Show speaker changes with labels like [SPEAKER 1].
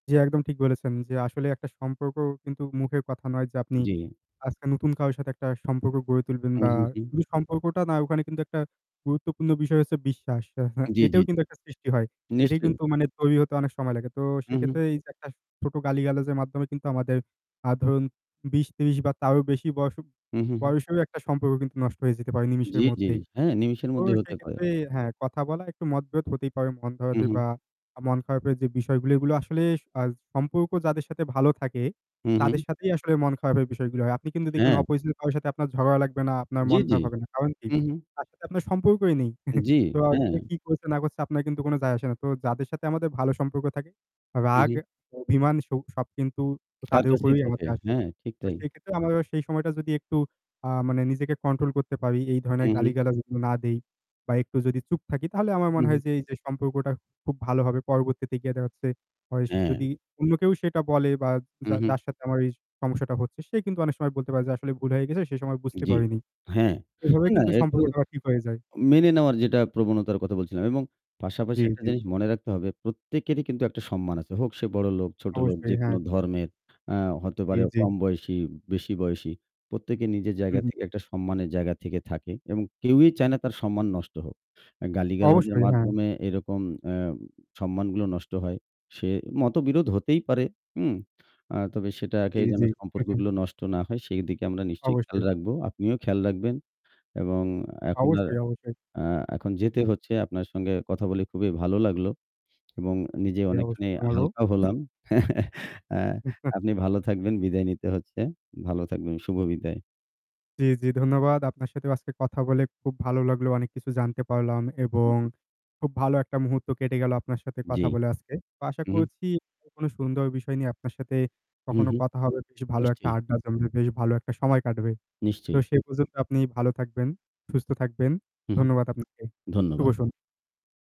[SPEAKER 1] জি, একদম ঠিক বলেছেন। যে আসলেই একটা সম্পর্ক কিন্তু মুখের কথা নয় যে আপনি
[SPEAKER 2] জ্বি।
[SPEAKER 1] আজকে নতুন কারো সাথে একটা সম্পর্ক গড়ে তুলবেন
[SPEAKER 2] হুম,
[SPEAKER 1] বা
[SPEAKER 2] হুম, হুম।
[SPEAKER 1] শুধু সম্পর্কটা না, ওখানে কিন্তু একটা গুরুত্বপূর্ণ বিষয় হচ্ছে বিশ্বাস। আ হ্যাঁ,
[SPEAKER 2] জ্বী, জ্বী,
[SPEAKER 1] এটাও
[SPEAKER 2] জ্বী।
[SPEAKER 1] কিন্তু একটা সৃষ্টি হয়। এটাই
[SPEAKER 2] নিশ্চয়ই।
[SPEAKER 1] কিন্তু মানে তৈরি হতে অনেক সময় লাগে। তো
[SPEAKER 2] হুম,
[SPEAKER 1] সেক্ষেত্রে
[SPEAKER 2] হুম।
[SPEAKER 1] এইযে একটা ছোট গালিগালাজের মাধ্যমে কিন্তু আমাদের আ ধরুন ২০-৩০ বা তারও বেশি বয়স
[SPEAKER 2] হুম, হুম, হুম।
[SPEAKER 1] বয়সেরও একটা সম্পর্ক কিন্তু নষ্ট হয়ে যেতে পারে নিমেষের
[SPEAKER 2] জ্বি, জ্বি।
[SPEAKER 1] মধ্যেই।
[SPEAKER 2] হ্যাঁ, নিমিষের
[SPEAKER 1] তো
[SPEAKER 2] মধ্যেই হতে পারে।
[SPEAKER 1] সেইক্ষেত্রে হ্যাঁ, কথা বলা একটু মত-বিরোধ হতেই পারে মন ভার
[SPEAKER 2] হুম,
[SPEAKER 1] হতে
[SPEAKER 2] হুম।
[SPEAKER 1] বা আ মন খারাপের যে বিষয়গুলো, এগুলো আসলে আজ সম্পর্ক যাদের সাথে ভালো থাকে,
[SPEAKER 2] হুম,
[SPEAKER 1] তাদের
[SPEAKER 2] হুম।
[SPEAKER 1] সাথেই আসলে মন খারাপের বিষয়গুলো হয়। আপনি কিন্তু দেখবেন
[SPEAKER 2] হ্যাঁ।
[SPEAKER 1] অপরিচিত কারো সাথে আপনার ঝগড়া লাগবে না, আপনার
[SPEAKER 2] জ্বি,
[SPEAKER 1] মন
[SPEAKER 2] জ্বি।
[SPEAKER 1] খারাপ হবে না। কারণ কি?
[SPEAKER 2] হুম, হুম।
[SPEAKER 1] তার সাথে আপনার সম্পর্কই নেই।
[SPEAKER 2] উম জ্বি,
[SPEAKER 1] তো সে
[SPEAKER 2] হ্যাঁ।
[SPEAKER 1] কি করছে না করছে আপনার কিন্তু কোন যায় আসে না। তো যাদের সাথে আমাদের ভালো সম্পর্ক থাকে,
[SPEAKER 2] হুম,
[SPEAKER 1] রাগ,
[SPEAKER 2] হুম।
[SPEAKER 1] অভিমান, সুখ সব কিন্তু আ
[SPEAKER 2] তার
[SPEAKER 1] তাদের
[SPEAKER 2] কাছেই
[SPEAKER 1] উপরেই
[SPEAKER 2] থাকে।
[SPEAKER 1] আমাদের আসবে।
[SPEAKER 2] হ্যাঁ, ঠিক
[SPEAKER 1] তো
[SPEAKER 2] তাই।
[SPEAKER 1] সেইক্ষেত্রে আমরা সেই সময়টা যদি একটু আ মানে নিজেকে কন্ট্রোল করতে পারি, এই ধরনের
[SPEAKER 2] হুম, হুম।
[SPEAKER 1] গালি-গালাজ না দেই, বা একটু যদি চুপ থাকি, তাহলে আমার মনে
[SPEAKER 2] হুম,
[SPEAKER 1] হয়
[SPEAKER 2] হুম।
[SPEAKER 1] যে এই যে সম্পর্কটা খুব ভালো হবে। পরবর্তীতে গিয়ে দেখা যাচ্ছে হয়েস
[SPEAKER 2] অ্যা
[SPEAKER 1] যদি অন্য কেউ সেটা বলে বা
[SPEAKER 2] হুম,
[SPEAKER 1] যা
[SPEAKER 2] হুম।
[SPEAKER 1] যার সাথে আমার এই সমস্যাটা হচ্ছে, সে কিন্তু অনেক সময় বলতে পারে যে "আসলে ভুল হয়ে গেছে সে সময় বুঝতে
[SPEAKER 2] জ্বি।
[SPEAKER 1] পারিনি।"
[SPEAKER 2] হ্যাঁ।
[SPEAKER 1] এভাবে
[SPEAKER 2] অ্যা না,
[SPEAKER 1] কিন্তু
[SPEAKER 2] একটু
[SPEAKER 1] সম্পর্কটা ঠিক হয়ে যায়।
[SPEAKER 2] মেনে নেওয়ার যেটা প্রবণতার কথা বলছিলাম। এবং পাশাপাশি
[SPEAKER 1] জী,
[SPEAKER 2] একটা
[SPEAKER 1] জী।
[SPEAKER 2] জিনিস মনে রাখতে হবে প্রত্যেকেরই কিন্তু একটা সম্মান আছে। হোক সে বড়লোক, ছোটলোক
[SPEAKER 1] অবশ্যই,
[SPEAKER 2] যেকোনো
[SPEAKER 1] হ্যাঁ।
[SPEAKER 2] ধর্মের আ হতে
[SPEAKER 1] জ্বী,
[SPEAKER 2] পারে
[SPEAKER 1] জ্বী।
[SPEAKER 2] কম বয়সী, বেশি বয়সী। প্রত্যেকে নিজের
[SPEAKER 1] হুম,
[SPEAKER 2] জায়গা
[SPEAKER 1] হুম।
[SPEAKER 2] থেকে একটা সম্মানের জায়গা থেকে থাকে। এবং কেউই চায় না তার সম্মান নষ্ট হোক। অ্যা গালিগালাজের
[SPEAKER 1] অবশ্যই, হ্যাঁ।
[SPEAKER 2] মাধ্যমে এরকম অ্যা সম্মানগুলো নষ্ট হয়। সে মতবিরোধ হতেই পারে, হুম? আ তবে সেটাকে
[SPEAKER 1] জি,
[SPEAKER 2] যেন
[SPEAKER 1] জি।
[SPEAKER 2] সম্পর্কগুলো নষ্ট না হয়, সেইদিকে আমরা নিশ্চয়ই খেয়াল
[SPEAKER 1] অবশ্যই।
[SPEAKER 2] রাখবো। আপনিও খেয়াল রাখবেন। এবং এখন আর
[SPEAKER 1] অবশ্যই, অবশ্যই।
[SPEAKER 2] আ এখন যেতে
[SPEAKER 1] হুম।
[SPEAKER 2] হচ্ছে। আপনার সঙ্গে কথা বলে খুবই ভালো লাগলো। এবং নিজে
[SPEAKER 1] জি
[SPEAKER 2] অনেকখানি
[SPEAKER 1] অবশ্য
[SPEAKER 2] হালকা
[SPEAKER 1] [unintelligible]
[SPEAKER 2] হলাম। অ্যা আপনি ভালো থাকবেন, বিদায় নিতে হচ্ছে। ভালো থাকবেন, শুভ বিদায়।
[SPEAKER 1] জ্বি, জ্বি ধন্যবাদ। আপনার সাথেও আজকে কথা বলে খুব ভালো লাগলো। অনেক কিছু জানতে পারলাম
[SPEAKER 2] হুম,
[SPEAKER 1] এবং
[SPEAKER 2] হুম।
[SPEAKER 1] খুব ভালো একটা মুহূর্ত কেটে গেল আপনার সাথে
[SPEAKER 2] জ্বি।
[SPEAKER 1] কথা বলে আজকে। তো আশা
[SPEAKER 2] হুম, হুম।
[SPEAKER 1] করছি [unintelligible] কোন সুন্দর বিষয় নিয়ে আপনার সাথে
[SPEAKER 2] হুম,
[SPEAKER 1] কখনো
[SPEAKER 2] হুম।
[SPEAKER 1] কথা হবে, বেশ ভালো একটা
[SPEAKER 2] নিশ্চয়ই।
[SPEAKER 1] আড্ডা জমবে, বেশ ভালো একটা সময় কাটবে। তো
[SPEAKER 2] নিশ্চয়ই।
[SPEAKER 1] সেই পর্যন্ত আপনি ভালো থাকবেন, সুস্থ থাকবেন।
[SPEAKER 2] হুম, হুম।
[SPEAKER 1] ধন্যবাদ আপনাকে। শুভ
[SPEAKER 2] ধন্যবাদ।
[SPEAKER 1] সন